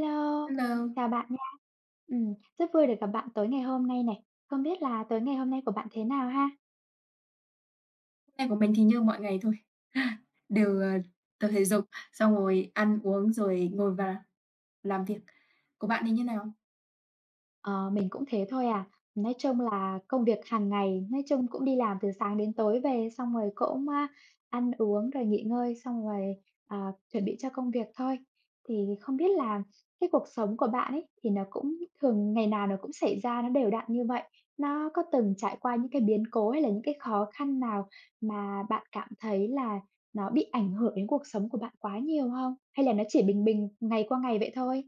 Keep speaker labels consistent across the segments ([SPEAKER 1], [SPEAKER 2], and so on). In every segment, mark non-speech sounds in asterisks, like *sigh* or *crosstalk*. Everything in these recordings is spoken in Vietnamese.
[SPEAKER 1] Lô,
[SPEAKER 2] Hello.
[SPEAKER 1] chào bạn nha. Ừm, rất vui được gặp bạn tối ngày hôm nay này. Không biết là tối ngày hôm nay của bạn thế nào ha?
[SPEAKER 2] Nay của mình thì như mọi ngày thôi, *laughs* đều, ờ, tập thể dục xong rồi ăn uống, rồi ngồi vào làm việc. Của bạn thì như nào?
[SPEAKER 1] Ờ, mình cũng thế thôi à. Nói chung là công việc hàng ngày, nói chung cũng đi làm từ sáng đến tối về, xong rồi cũng, a, ăn uống rồi nghỉ ngơi, xong rồi, ờ, chuẩn bị cho công việc thôi. Thì không biết là cái cuộc sống của bạn ấy thì nó cũng thường ngày nào nó cũng xảy ra, nó đều đặn như vậy. Nó có từng trải qua những cái biến cố hay là những cái khó khăn nào mà bạn cảm thấy là nó bị ảnh hưởng đến cuộc sống của bạn quá nhiều hông? Hay là nó chỉ bình bình, ngày qua ngày vậy thôi?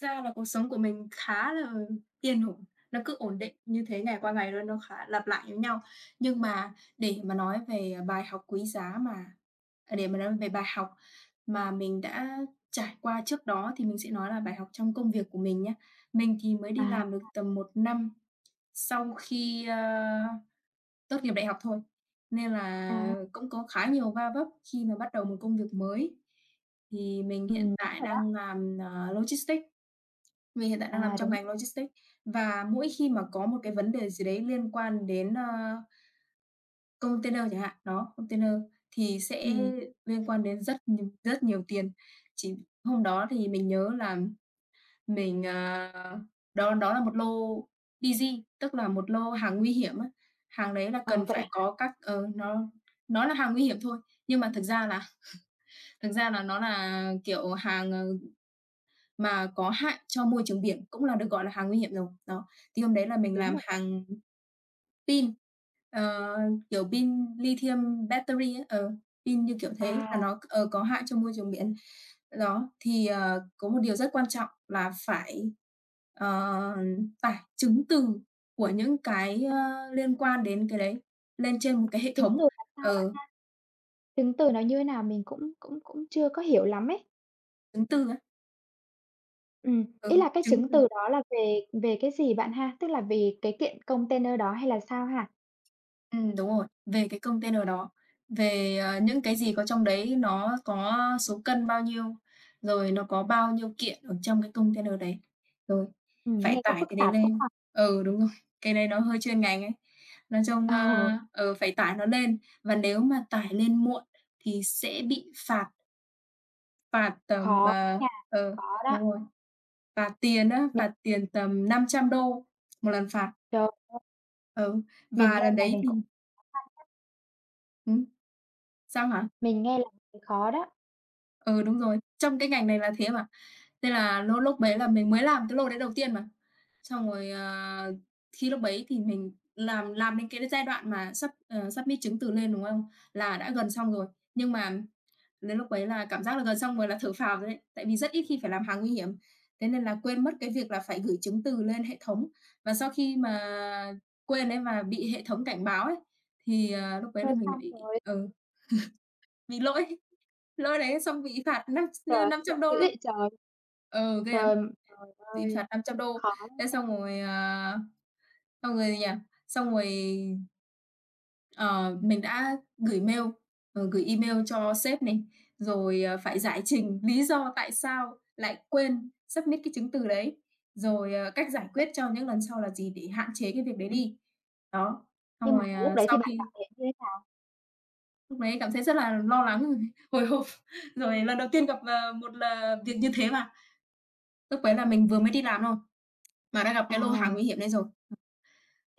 [SPEAKER 2] Thật ra là cuộc sống của mình khá là yên ổn, nó cứ ổn định như thế ngày qua ngày luôn, nó khá lặp lại giống nhau. Nhưng mà để mà nói về, ờ, bài học quý giá mà à, để mà nói về bài học mà mình đã trải qua trước đó thì mình sẽ nói là bài học trong công việc của mình nhá. Mình thì mới đi
[SPEAKER 1] À,
[SPEAKER 2] làm được
[SPEAKER 1] à.
[SPEAKER 2] tầm 1 năm sau khi, ơ, tốt nghiệp đại học thôi, nên là
[SPEAKER 1] À.
[SPEAKER 2] cũng có khá nhiều va vấp khi mà bắt đầu một công việc mới. Thì mình
[SPEAKER 1] Ừm,
[SPEAKER 2] hiện
[SPEAKER 1] đúng
[SPEAKER 2] tại
[SPEAKER 1] rồi
[SPEAKER 2] đang
[SPEAKER 1] đó.
[SPEAKER 2] làm, ờ, logistics. Mình hiện tại đang
[SPEAKER 1] À,
[SPEAKER 2] nằm trong
[SPEAKER 1] đúng
[SPEAKER 2] ngành
[SPEAKER 1] rồi.
[SPEAKER 2] logistics. Và mỗi khi mà có một cái vấn đề gì đấy liên quan đến, ơ container chẳng hạn, đó, container thì sẽ
[SPEAKER 1] Ừm.
[SPEAKER 2] liên quan đến rất nh rất nhiều tiền. Chỉ hôm đó thì mình nhớ là mình ờ, đó đó là một lô DG tức là một lô hàng nguy hiểm á. Hàng đấy là cần
[SPEAKER 1] Ờ, vậy
[SPEAKER 2] phải
[SPEAKER 1] hả?
[SPEAKER 2] có các ờ, nó nó là hàng nguy hiểm thôi. Nhưng mà thực ra là *laughs* thực ra là nó nà, kiểu, hàng, ờ, mà có hại cho môi trường biển, cũng là được gọi là hàng nguy hiểm rồi. Đó. Thì hôm đấy là
[SPEAKER 1] Ừm,
[SPEAKER 2] mình
[SPEAKER 1] đúng
[SPEAKER 2] làm
[SPEAKER 1] rồi đó.
[SPEAKER 2] hàng pin, ờ, kiểu, pin lithium battery ấy. Ờ, pin, kiểu, thế là
[SPEAKER 1] À.
[SPEAKER 2] nó c ờ, có hại cho môi trường biển. Đó, thì, ờ, có một điều rất quan trọng là phải, ờ, tải chứng từ của những cái,
[SPEAKER 1] À.
[SPEAKER 2] ơ, liên quan đến cái đấy lên trên một cái hệ
[SPEAKER 1] Chứng
[SPEAKER 2] thống,
[SPEAKER 1] từ làm sao bạn
[SPEAKER 2] ờ.
[SPEAKER 1] ha? Chứng từ nó như thế nào mình cũng cũng cũng chưa có hiểu lắm ấy.
[SPEAKER 2] Chứng từ á.
[SPEAKER 1] Ừm, ý
[SPEAKER 2] Ừ,
[SPEAKER 1] là cái
[SPEAKER 2] chứng
[SPEAKER 1] chứng
[SPEAKER 2] từ.
[SPEAKER 1] từ đó là về về cái gì bạn ha, tức là về cái kiện container đó, hay là sao ha?
[SPEAKER 2] Ừm, đúng rồi. Về cái container đó, về, ờ, những cái gì có trong đấy nó có số cân bao nhiêu, rồi nó có bao nhiêu kiện ở trong cái container đấy, rồi
[SPEAKER 1] Ừm,
[SPEAKER 2] phải
[SPEAKER 1] nghe có
[SPEAKER 2] tải
[SPEAKER 1] phức
[SPEAKER 2] cái đấy
[SPEAKER 1] tạp quá
[SPEAKER 2] lên.
[SPEAKER 1] ha?
[SPEAKER 2] Ừ, đúng rồi, cái đấy nó hơi chuyên ngành ấy. Nói chung, ơ,
[SPEAKER 1] Ờ.
[SPEAKER 2] ừ, phải tải nó lên và nếu mà tải lên muộn thì sẽ bị phạt. Phạt tầm
[SPEAKER 1] Khó
[SPEAKER 2] ờ,
[SPEAKER 1] nha,
[SPEAKER 2] ờ,
[SPEAKER 1] khó
[SPEAKER 2] đúng
[SPEAKER 1] đó.
[SPEAKER 2] rồi, phạt tiền á,
[SPEAKER 1] Mình
[SPEAKER 2] phạt tiền tầm $500 1 lần phạt.
[SPEAKER 1] Trời ơi!
[SPEAKER 2] Ừ,
[SPEAKER 1] Mình
[SPEAKER 2] và
[SPEAKER 1] nghe
[SPEAKER 2] lần
[SPEAKER 1] là
[SPEAKER 2] đấy
[SPEAKER 1] mình
[SPEAKER 2] thì
[SPEAKER 1] cũng khó khăn đấy.
[SPEAKER 2] Hử? Sao hả?
[SPEAKER 1] Mình nghe là thấy khó đó.
[SPEAKER 2] Ừ, đúng rồi. Trong cái ngành này là thế mà. Nên là lô lúc đấy là mình mới làm cái lô đấy đầu tiên mà. Xong rồi, ờ, thi lúc đấy thì mình làm làm đến cái cái giai đoạn mà sub, ờ, submit chứng từ lên, đúng không? Là đã gần xong rồi. Nhưng mà đến lúc ấy là cảm giác là gần xong rồi là thở phào rồi đấy. Tại vì rất ít khi phải làm hàng nguy hiểm, thế nên là quên mất cái việc là phải gửi chứng từ lên hệ thống. Và sau khi mà quên ấy mà bị hệ thống cảnh báo ấy, thì, ờ, lúc đấy là
[SPEAKER 1] Thôi
[SPEAKER 2] mình lại
[SPEAKER 1] xong
[SPEAKER 2] bị
[SPEAKER 1] rồi!
[SPEAKER 2] ừ, *laughs* bị lỗi, lỗi đấy xong bị phạt năm tr
[SPEAKER 1] Trời
[SPEAKER 2] ơ,
[SPEAKER 1] ơi,
[SPEAKER 2] $500
[SPEAKER 1] dữ
[SPEAKER 2] luôn.
[SPEAKER 1] vậy trời!
[SPEAKER 2] Ừ, ghê lắm.
[SPEAKER 1] Trời, trời
[SPEAKER 2] Bị
[SPEAKER 1] ơi,
[SPEAKER 2] phạt $500,
[SPEAKER 1] khó
[SPEAKER 2] thế
[SPEAKER 1] nha!
[SPEAKER 2] xong rồi, à, xong rồi gì nhở, xong rồi ờ, mình đã gửi mail, ờ, gửi email cho sếp này, rồi, ờ, phải giải trình lý do tại sao lại quên submit cái chứng từ đấy. Rồi, ờ, cách giải quyết cho những lần sau là gì để hạn chế cái việc đấy
[SPEAKER 1] Ừm.
[SPEAKER 2] đi. Đó,
[SPEAKER 1] Nhưng
[SPEAKER 2] xong
[SPEAKER 1] mà
[SPEAKER 2] rồi,
[SPEAKER 1] lúc
[SPEAKER 2] ờ,
[SPEAKER 1] đấy thì
[SPEAKER 2] sau
[SPEAKER 1] bạn cảm
[SPEAKER 2] khi
[SPEAKER 1] thấy như thế nào?
[SPEAKER 2] Lúc đấy cảm thấy rất là lo lắng *unintelligible* hồi hộp, *chuckles* rồi lần đầu tiên gặp, ờ, một là việc như thế mà. Lúc đấy là mình vừa mới đi làm thôi, mà đã gặp
[SPEAKER 1] Ờ.
[SPEAKER 2] cái lô hàng nguy hiểm này rồi.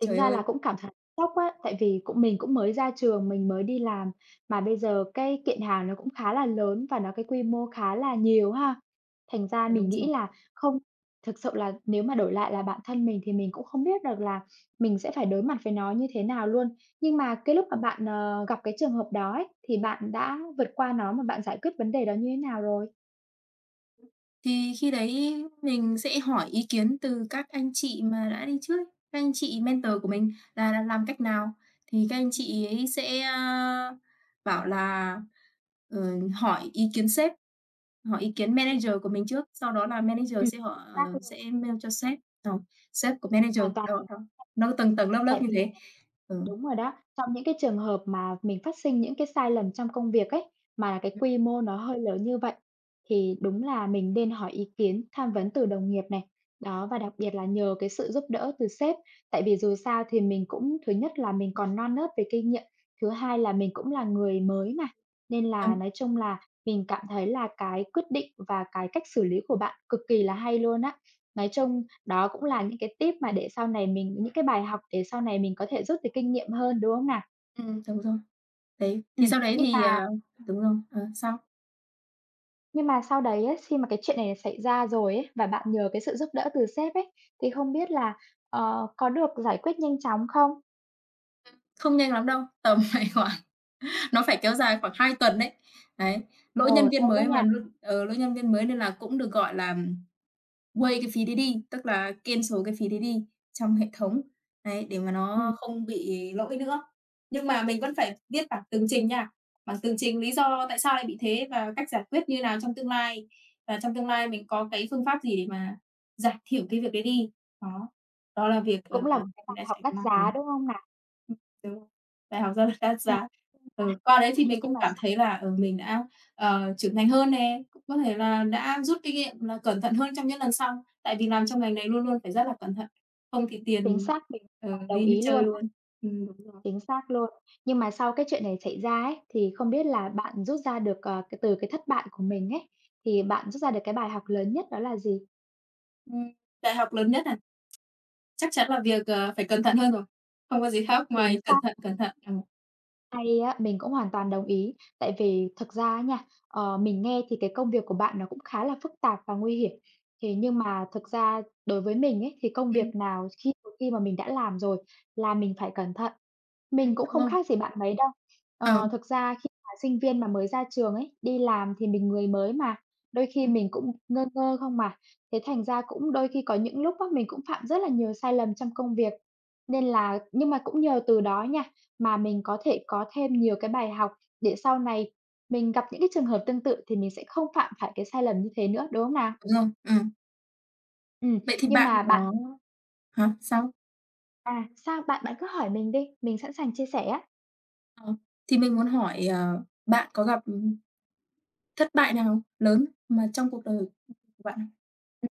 [SPEAKER 1] Tính ra là
[SPEAKER 2] ơi!
[SPEAKER 1] cũng cảm thấy sốc á, tại vì cũng mình cũng mới ra trường, mình mới đi làm. Mà bây giờ cái kiện hàng nó cũng khá là lớn và nó cái quy mô khá là nhiều ha. Thành ra
[SPEAKER 2] Ờ,
[SPEAKER 1] mình
[SPEAKER 2] đúng rồi.
[SPEAKER 1] nghĩ là không thực sự là nếu mà đổi lại là bản thân mình thì mình cũng không biết được là mình sẽ phải đối mặt với nó như thế nào luôn. Nhưng mà cái lúc mà bạn, ờ, gặp cái trường hợp đó ấy, thì bạn đã vượt qua nó mà bạn giải quyết vấn đề đó như thế nào rồi?
[SPEAKER 2] Ừm, thì khi đấy mình sẽ hỏi ý kiến từ các anh chị mà đã đi trước, các anh chị mentor của mình là là làm cách nào? Thì các anh chị ấy sẽ, ơ, bảo là, ờ, hỏi ý kiến sếp, hỏi ý kiến manager của mình trước. Sau đó là
[SPEAKER 1] Ừm,
[SPEAKER 2] manager sẽ họ
[SPEAKER 1] xác
[SPEAKER 2] ờ,
[SPEAKER 1] luôn.
[SPEAKER 2] sẽ mail cho sếp, ờ, sếp của
[SPEAKER 1] Mình
[SPEAKER 2] manager.
[SPEAKER 1] hoàn toàn
[SPEAKER 2] Đó,
[SPEAKER 1] *unintelligible*
[SPEAKER 2] đó, nó tầng tầng lớp lớp
[SPEAKER 1] tại
[SPEAKER 2] như
[SPEAKER 1] vì
[SPEAKER 2] thế. Ừ.
[SPEAKER 1] đúng rồi đó. Trong những cái trường hợp mà mình phát sinh những cái sai lầm trong công việc ấy, mà cái
[SPEAKER 2] Ừm.
[SPEAKER 1] quy mô nó hơi lớn như vậy thì đúng là mình nên hỏi ý kiến, tham vấn từ đồng nghiệp này. Đó, và đặc biệt là nhờ cái sự giúp đỡ từ sếp. Tại vì dù sao thì mình cũng, thứ nhất là mình còn non nớt về kinh nghiệm, thứ hai là mình cũng là người mới mà. Nên là
[SPEAKER 2] Đúng.
[SPEAKER 1] nói chung là mình cảm thấy là cái quyết định và cái cách xử lý của bạn cực kỳ là hay luôn á. Nói chung đó cũng là những cái tip mà để sau này mình những cái bài học để sau này mình có thể rút được kinh nghiệm hơn, đúng không nào?
[SPEAKER 2] Ừm, đúng rồi. Đấy, thì
[SPEAKER 1] Ừm,
[SPEAKER 2] sau đấy
[SPEAKER 1] nhưng
[SPEAKER 2] thì
[SPEAKER 1] mà
[SPEAKER 2] ờ, đúng rồi. Ờ, sau
[SPEAKER 1] Nhưng mà sau đấy á, xi mà cái chuyện này xảy ra rồi ấy, và bạn nhờ cái sự giúp đỡ từ sếp ấy, thì không biết là, ờ, có được giải quyết nhanh chóng không?
[SPEAKER 2] Ừm. Không nhanh lắm đâu, tầm phải khoảng nó phải kéo dài khoảng 2 tuần đấy. Đấy. Lỗi
[SPEAKER 1] Ồ,
[SPEAKER 2] nhân viên
[SPEAKER 1] lâu quá
[SPEAKER 2] mới mà
[SPEAKER 1] nha.
[SPEAKER 2] lỗi ừ, lỗi nhân viên mới nên là cũng được, gọi là waive, cái phí đấy đi, tức là cancel cái phí đấy đi trong hệ thống. Đấy, để mà
[SPEAKER 1] Ừm.
[SPEAKER 2] nó không bị lỗi nữa. Nhưng mà mình vẫn phải viết bản tường trình nha. Bản tường trình lý do tại sao lại bị thế và cách giải quyết như nào trong tương lai. Và trong tương lai mình có cái phương pháp gì để mà giảm thiểu cái việc đấy đi. Đó, đó là việc, ờ,
[SPEAKER 1] Cũng là một cái
[SPEAKER 2] mình
[SPEAKER 1] bài
[SPEAKER 2] đã
[SPEAKER 1] học
[SPEAKER 2] chạy
[SPEAKER 1] đắt
[SPEAKER 2] *unintelligible*
[SPEAKER 1] giá, đúng không nào?
[SPEAKER 2] Ừm, đúng rồi. Bài học rất là đắt
[SPEAKER 1] Ờ.
[SPEAKER 2] giá. Ừ, qua đấy thì
[SPEAKER 1] Nhưng mà
[SPEAKER 2] mình
[SPEAKER 1] nhưng
[SPEAKER 2] cũng
[SPEAKER 1] mà
[SPEAKER 2] cảm
[SPEAKER 1] xong
[SPEAKER 2] thấy là, ừ, mình đã, ờ, trưởng thành hơn nè, cũng có thể là đã rút kinh nghiệm là cẩn thận hơn trong những lần sau. Tại vì làm trong ngành này luôn luôn phải rất là cẩn thận. Không thì
[SPEAKER 1] Chính
[SPEAKER 2] tiền,
[SPEAKER 1] xác, mình
[SPEAKER 2] ờ,
[SPEAKER 1] đồng đồng
[SPEAKER 2] đi như
[SPEAKER 1] ý luôn
[SPEAKER 2] chơi
[SPEAKER 1] á.
[SPEAKER 2] luôn. Ừm, đúng rồi.
[SPEAKER 1] Chính xác luôn. Nhưng mà sau cái chuyện này xảy ra ấy, thì không biết là bạn rút ra được, ờ, cái từ cái thất bại của mình ấy, thì bạn rút ra được cái bài học lớn nhất đó là gì?
[SPEAKER 2] Ừm. Bài học lớn nhất à? Chắc chắn là việc, ờ, phải cẩn thận hơn rồi, không có gì khác
[SPEAKER 1] Chính
[SPEAKER 2] ngoài cẩn
[SPEAKER 1] xác.
[SPEAKER 2] thận, cẩn thận. À.
[SPEAKER 1] Hay á, mình cũng hoàn toàn đồng ý. Tại vì thực ra á nha, ờ, mình nghe thì cái công việc của bạn nó cũng khá là phức tạp và nguy hiểm. Thế nhưng mà thực ra đối với mình ấy, thì công việc
[SPEAKER 2] Ừm.
[SPEAKER 1] nào khi một khi mà mình đã làm rồi là mình phải cẩn thận.
[SPEAKER 2] Ừm.
[SPEAKER 1] Mình cũng
[SPEAKER 2] Đúng
[SPEAKER 1] không
[SPEAKER 2] rồi.
[SPEAKER 1] khác gì bạn mấy đâu. Ờ,
[SPEAKER 2] Ờm.
[SPEAKER 1] thực ra khi mà sinh viên mà mới ra trường ấy, đi làm thì mình người mới mà, đôi khi
[SPEAKER 2] Ừm.
[SPEAKER 1] mình cũng ngơ ngơ không mà. Thế thành ra cũng đôi khi có những lúc á mình cũng phạm rất là nhiều sai lầm trong công việc, nên là nhưng mà cũng nhờ từ đó nha, mà mình có thể có thêm nhiều cái bài học để sau này mình gặp những cái trường hợp tương tự thì mình sẽ không phạm phải cái sai lầm như thế nữa, đúng không nào?
[SPEAKER 2] Đúng rồi, ừm.
[SPEAKER 1] Ừm,
[SPEAKER 2] Vậy thì
[SPEAKER 1] nhưng
[SPEAKER 2] bạn
[SPEAKER 1] mà bạn
[SPEAKER 2] có hả, sao?
[SPEAKER 1] À, sao? Bạn bạn cứ hỏi mình đi, mình sẵn sàng chia sẻ á.
[SPEAKER 2] Ờ. Thì mình muốn hỏi, ờ, bạn có gặp, ừm, thất bại nào lớn mà trong cuộc đời của bạn không?
[SPEAKER 1] Ừm.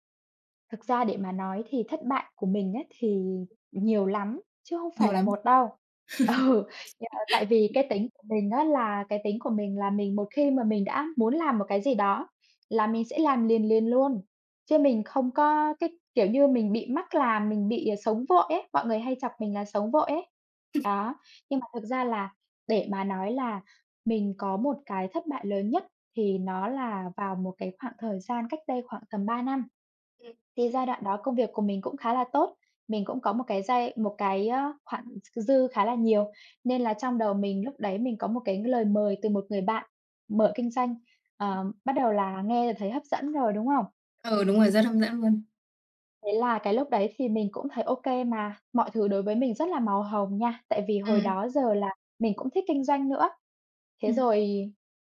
[SPEAKER 1] Thực ra để mà nói thì thất bại của mình á thì nhiều lắm, chứ không phải
[SPEAKER 2] Nhiều
[SPEAKER 1] là
[SPEAKER 2] lắm!
[SPEAKER 1] một đâu. Ừ. Do, à, tại
[SPEAKER 2] *laughs*
[SPEAKER 1] vì cái tính của mình á là cái tính của mình là mình, một khi mà mình đã muốn làm một cái gì đó là mình sẽ làm liền liền luôn. Chứ mình không có cái kiểu như mình bị mắc làm, mình bị sống vội ấy. Mọi người hay chọc mình là sống vội ấy.
[SPEAKER 2] *chuckles*
[SPEAKER 1] Đó, nhưng mà thực ra là để mà nói là mình có một cái thất bại lớn nhất, thì nó là vào một cái khoảng thời gian cách đây khoảng tầm 3 năm.
[SPEAKER 2] Ừm.
[SPEAKER 1] Thì giai đoạn đó công việc của mình cũng khá là tốt. Mình cũng có một cái giai một cái, ơ, khoản k dư khá là nhiều, nên là trong đầu mình lúc đấy mình có một cái lời mời từ một người bạn mở kinh doanh.
[SPEAKER 2] *unintelligible*
[SPEAKER 1] Ờ, bắt đầu là nghe là thấy hấp dẫn rồi, đúng không?
[SPEAKER 2] Ừ, đúng rồi, rất hấp dẫn luôn.
[SPEAKER 1] Thế là cái lúc đấy thì mình cũng thấy ô kê mà, mọi thứ đối với mình rất là màu hồng nha. Tại vì hồi
[SPEAKER 2] Ừm.
[SPEAKER 1] đó giờ là mình cũng thích kinh doanh nữa. Thế
[SPEAKER 2] Ừm.
[SPEAKER 1] rồi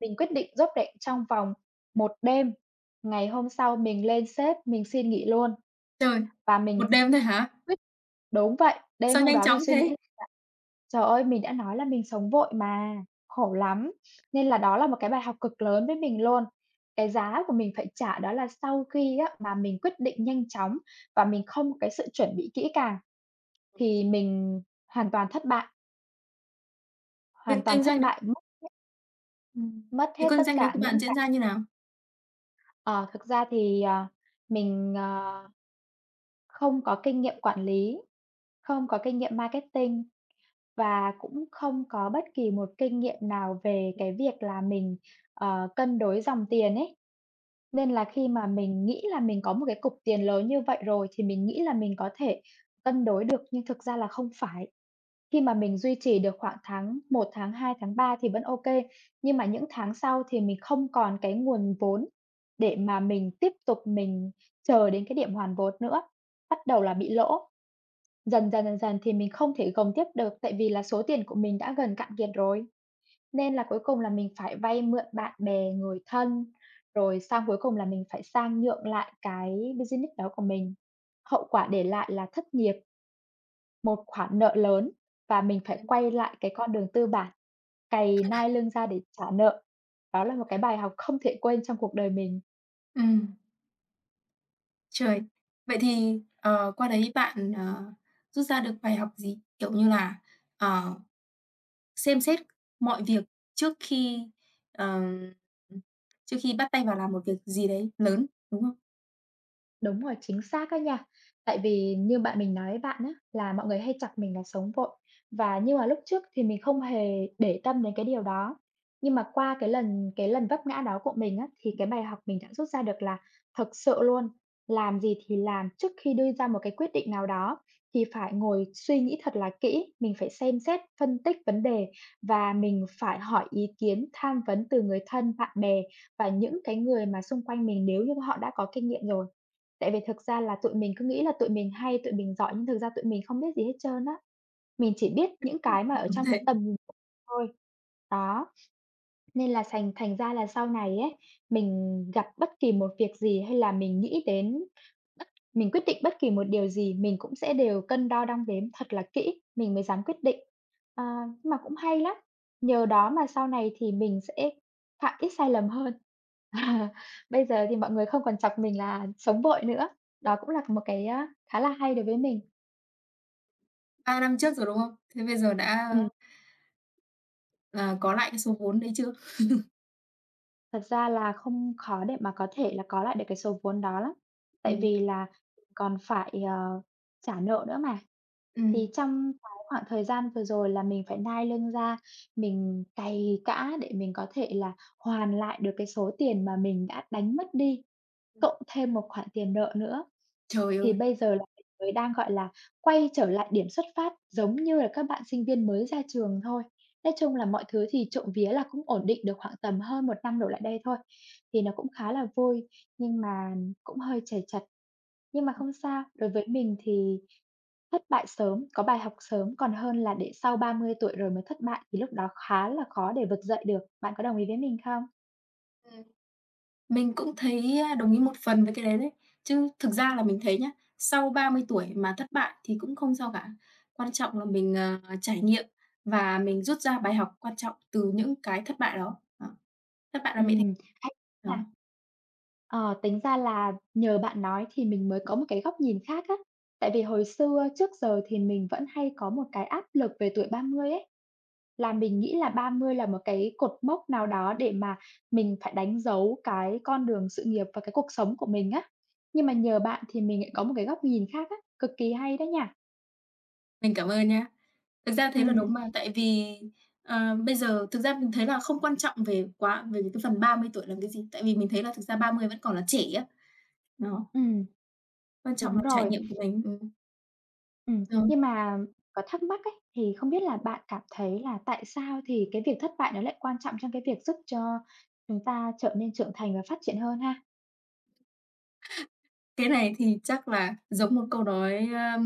[SPEAKER 1] mình quyết định rốp rẻng trong vòng 1 đêm, ngày hôm sau mình lên sếp mình xin nghỉ luôn.
[SPEAKER 2] Trời,
[SPEAKER 1] Và mình
[SPEAKER 2] 1 đêm thôi hả?
[SPEAKER 1] quyết đúng vậy. Đêm
[SPEAKER 2] Sao
[SPEAKER 1] hôm
[SPEAKER 2] nhanh
[SPEAKER 1] đó mình
[SPEAKER 2] chóng
[SPEAKER 1] suy nghĩ là
[SPEAKER 2] thế?
[SPEAKER 1] trời ơi! Mình đã nói là mình sống vội mà, khổ lắm. Nên là đó là một cái bài học cực lớn với mình luôn. Cái giá của mình phải trả đó là sau khi á mà mình quyết định nhanh chóng và mình không có cái sự chuẩn bị kỹ càng thì mình hoàn toàn thất bại. Hoàn
[SPEAKER 2] Việc
[SPEAKER 1] toàn
[SPEAKER 2] kinh
[SPEAKER 1] thất
[SPEAKER 2] doanh đấy
[SPEAKER 1] bại, mất hết.
[SPEAKER 2] Ừm.
[SPEAKER 1] Mất
[SPEAKER 2] Việc
[SPEAKER 1] hết
[SPEAKER 2] con
[SPEAKER 1] tất
[SPEAKER 2] danh đấy
[SPEAKER 1] cả
[SPEAKER 2] của bạn
[SPEAKER 1] những
[SPEAKER 2] diễn
[SPEAKER 1] cái
[SPEAKER 2] ra như nào?
[SPEAKER 1] Ờ, thực ra thì, ờ, mình, ờ, không có kinh nghiệm quản lý, không có kinh nghiệm marketing và cũng không có bất kỳ một kinh nghiệm nào về cái việc là mình, ờ, cân đối dòng tiền ấy. Nên là khi mà mình nghĩ là mình có một cái cục tiền lớn như vậy rồi, thì mình nghĩ là mình có thể cân đối được nhưng thực ra là không phải. Khi mà mình duy trì được khoảng tháng 1, tháng 2, tháng 3 thì vẫn ô kê, nhưng mà những tháng sau thì mình không còn cái nguồn vốn để mà mình tiếp tục mình chờ đến cái điểm hoàn vốn nữa, bắt đầu là bị lỗ. Dần dần, dần dần thì mình không thể gồng tiếp được tại vì là số tiền của mình đã gần cạn kiệt rồi. Nên là cuối cùng là mình phải vay mượn bạn bè, người thân, rồi sang cuối cùng là mình phải sang nhượng lại cái business đó của mình. Hậu quả để lại là thất nghiệp, một khoản nợ lớn, và mình phải quay lại cái con đường tư bản, cày nai lưng ra để trả nợ. Đó là một cái bài học không thể quên trong cuộc đời mình.
[SPEAKER 2] Ừm. Trời! Vậy thì, ờ, qua đấy bạn, ờ, rút ra được bài học gì, kiểu như là, ờ, xem xét mọi việc trước khi, ờ, trước khi bắt tay vào làm một việc gì đấy lớn, đúng không?
[SPEAKER 1] Đúng rồi, chính xác á nha. Tại vì như bạn mình nói với bạn á, là mọi người hay chọc mình là sống vội. Và nhưng mà lúc trước thì mình không hề để tâm đến cái điều đó. Nhưng mà qua cái lần cái lần vấp ngã đó của mình á, thì cái bài học mình đã rút ra được là, thực sự luôn, làm gì thì làm, trước khi đưa ra một cái quyết định nào đó thì phải ngồi suy nghĩ thật là kỹ. Mình phải xem xét, phân tích vấn đề và mình phải hỏi ý kiến, tham vấn từ người thân, bạn bè và những cái người mà xung quanh mình nếu như mà họ đã có kinh nghiệm rồi. Tại vì thực ra là tụi mình cứ nghĩ là tụi mình hay, tụi mình giỏi nhưng thực ra tụi mình không biết gì hết trơn á. Mình chỉ biết những cái mà ở
[SPEAKER 2] Đúng
[SPEAKER 1] trong
[SPEAKER 2] thế.
[SPEAKER 1] cái tầm nhìn *unintelligible* mình thôi, đó. Nên là thành thành ra là sau này á, mình gặp bất kỳ một việc gì hay là mình nghĩ đến bất mình quyết định bất kỳ một điều gì mình cũng sẽ đều cân đo đong đếm thật là kỹ, mình mới dám quyết định. Ờ, nhưng mà cũng hay lắm. Nhờ đó mà sau này thì mình sẽ phạm ít sai lầm hơn. Ờ. Bây giờ thì mọi người không còn chọc mình là sống vội nữa. Đó cũng là một cái, a, khá là hay đối với mình.
[SPEAKER 2] 3 năm trước rồi, đúng không? Thế bây giờ đã
[SPEAKER 1] Ừm.
[SPEAKER 2] ờ, có lại cái số vốn đấy chưa? *laughs*
[SPEAKER 1] Thật ra là không dễ để mà có thể là có lại được cái số vốn đó lắm. Tại
[SPEAKER 2] Ừm.
[SPEAKER 1] vì là còn phải, ờ, trả nợ nữa mà. Thì
[SPEAKER 2] Ừm.
[SPEAKER 1] trong cái khoảng thời gian vừa rồi là mình phải nai lưng ra, mình cày cã để mình có thể là hoàn lại được cái số tiền mà mình đã đánh mất đi,
[SPEAKER 2] Ừm.
[SPEAKER 1] cộng thêm một khoản tiền nợ nữa.
[SPEAKER 2] Trời
[SPEAKER 1] Thì
[SPEAKER 2] ơi!
[SPEAKER 1] bây giờ là mình mới đang, gọi là, quay trở lại điểm xuất phát giống như là các bạn sinh viên mới ra trường thôi. Nói chung là mọi thứ thì trộm vía là cũng ổn định được khoảng tầm hơn 1 năm đổ lại đây thôi. Thì nó cũng khá là vui, nhưng mà cũng hơi trầy trật. Nhưng mà không sao, đối với mình thì thất bại sớm, có bài học sớm, còn hơn là để sau 30 tuổi rồi mới thất bại thì lúc đó khá là khó để vực dậy được. Bạn có đồng ý với mình không?
[SPEAKER 2] Ừm. Mình cũng thấy, ơ, đồng ý một phần với cái đấy đấy. Chứ thực ra là mình thấy nhá, sau 30 tuổi mà thất bại thì cũng không sao cả. Quan trọng là mình, ờ, trải nghiệm và mình rút ra bài học quan trọng từ những cái thất bại đó. Đó. Thất bại là mẹ
[SPEAKER 1] Ừm, hay
[SPEAKER 2] thành
[SPEAKER 1] nha.
[SPEAKER 2] *unintelligible*
[SPEAKER 1] Ờ, tính ra là nhờ bạn nói thì mình mới có một cái góc nhìn khác á. Tại vì hồi xưa trước giờ thì mình vẫn hay có một cái áp lực về tuổi 30 ấy. Là mình nghĩ là 30 là một cái cột mốc nào đó để mà mình phải đánh dấu cái con đường sự nghiệp và cái cuộc sống của mình á. Nhưng mà nhờ bạn thì mình lại có một cái góc nhìn khác á, cực kỳ hay đó nha.
[SPEAKER 2] Mình cảm ơn nhá. Thực ra thế là
[SPEAKER 1] Ừm.
[SPEAKER 2] đúng mà, tại vì, ờ, bây giờ, thực ra mình thấy là không quan trọng về quá về cái phần 30 tuổi làm cái gì. Tại vì mình thấy là thực ra 30 vẫn còn là trẻ á. Đó.
[SPEAKER 1] Ừm.
[SPEAKER 2] Quan trọng
[SPEAKER 1] Đúng
[SPEAKER 2] là trải
[SPEAKER 1] rồi.
[SPEAKER 2] nghiệm của mình, ừm.
[SPEAKER 1] Ừm.
[SPEAKER 2] Ờ.
[SPEAKER 1] Nhưng mà có thắc mắc ấy, thì không biết là bạn cảm thấy là tại sao thì cái việc thất bại nó lại quan trọng trong cái việc giúp cho chúng ta trở nên trưởng thành và phát triển hơn ha?
[SPEAKER 2] Cái này thì chắc là giống một câu nói, ơ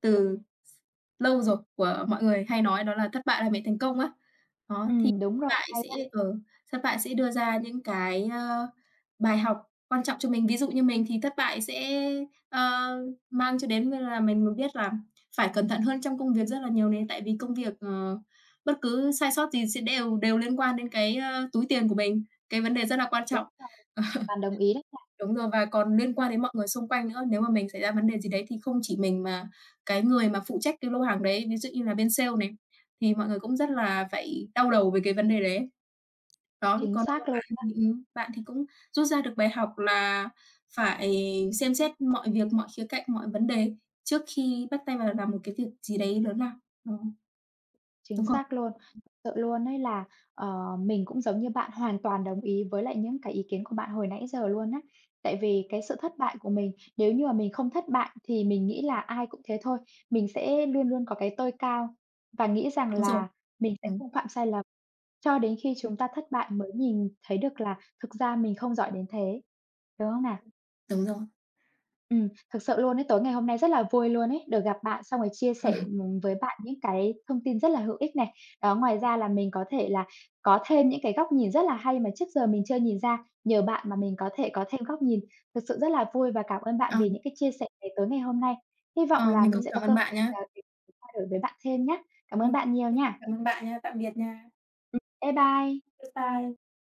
[SPEAKER 2] từ s lâu rồi của mọi người hay nói đó là thất bại là mẹ thành công á. Đó, thì
[SPEAKER 1] Ừm, đúng rồi.
[SPEAKER 2] bại
[SPEAKER 1] Hay
[SPEAKER 2] sẽ
[SPEAKER 1] đó!
[SPEAKER 2] ờ, thất bại sẽ đưa ra những cái, ơ, bài học quan trọng cho mình. Ví dụ như mình thì thất bại sẽ, ơ, mang cho đến như là mình biết là phải cẩn thận hơn trong công việc rất là nhiều nè. Tại vì công việc, ờ, bất cứ sai sót gì sẽ đều đều liên quan đến cái, ơ, túi tiền của mình, cái vấn đề rất là quan
[SPEAKER 1] Đúng
[SPEAKER 2] trọng.
[SPEAKER 1] rồi. Hoàn toàn đồng ý đấy
[SPEAKER 2] *chuckles*
[SPEAKER 1] nha.
[SPEAKER 2] Đúng rồi, và còn liên quan đến mọi người xung quanh nữa. Nếu mà mình xảy ra vấn đề gì đấy thì không chỉ mình mà cái người mà phụ trách cái lô hàng đấy, ví dụ như là bên sale này, thì mọi người cũng rất là phải đau đầu về cái vấn đề đấy ấy. Đó,
[SPEAKER 1] Chính
[SPEAKER 2] còn
[SPEAKER 1] xác
[SPEAKER 2] *unintelligible* bạn,
[SPEAKER 1] luôn đó.
[SPEAKER 2] ừm, ừm, bạn thì cũng rút ra được bài học là phải xem xét mọi việc, mọi khía cạnh, mọi vấn đề trước khi bắt tay vào làm một cái việc gì đấy lớn lao. Ờ.
[SPEAKER 1] Chính
[SPEAKER 2] Đúng không?
[SPEAKER 1] xác luôn. Sự luôn ấy là, ờ, mình cũng giống như bạn, hoàn toàn đồng ý với lại những cái ý kiến của bạn hồi nãy giờ luôn á. Tại vì cái sự thất bại của mình, nếu như mà mình không thất bại thì mình nghĩ là ai cũng thế thôi. Mình sẽ luôn luôn có cái tôi cao và nghĩ rằng
[SPEAKER 2] Đúng rồi.
[SPEAKER 1] là mình sẽ
[SPEAKER 2] Ừm.
[SPEAKER 1] không phạm sai lầm. Cho đến khi
[SPEAKER 2] Ừm.
[SPEAKER 1] chúng ta thất bại mới nhìn thấy được là thực ra mình không giỏi đến thế, đúng hông nào?
[SPEAKER 2] Đúng rồi.
[SPEAKER 1] Ừm, thực sự luôn ấy, tối ngày hôm nay rất là vui luôn ấy, được gặp bạn xong rồi chia sẻ,
[SPEAKER 2] *chuckles*
[SPEAKER 1] ừm, với bạn những cái thông tin rất là hữu ích này. Đó, ngoài ra là mình có thể là có thêm những cái góc nhìn rất là hay mà trước giờ mình chưa nhìn ra, nhờ bạn mà mình có thể có thêm góc nhìn. Thực sự rất là vui và cảm ơn bạn
[SPEAKER 2] Ờ.
[SPEAKER 1] vì những cái chia sẻ này tối ngày hôm nay. Hy vọng
[SPEAKER 2] Ờ,
[SPEAKER 1] là
[SPEAKER 2] mình
[SPEAKER 1] mình
[SPEAKER 2] cũng
[SPEAKER 1] sẽ có
[SPEAKER 2] cảm
[SPEAKER 1] cơ,
[SPEAKER 2] ơn
[SPEAKER 1] ờ,
[SPEAKER 2] bạn nhá.
[SPEAKER 1] *unintelligible* trao đổi với bạn thêm nhá. Cảm ơn
[SPEAKER 2] Ừm.
[SPEAKER 1] bạn nhiều nha!
[SPEAKER 2] Cảm ơn bạn nhá. Tạm biệt nha.
[SPEAKER 1] Ừm, bye bye.
[SPEAKER 2] Bye bye.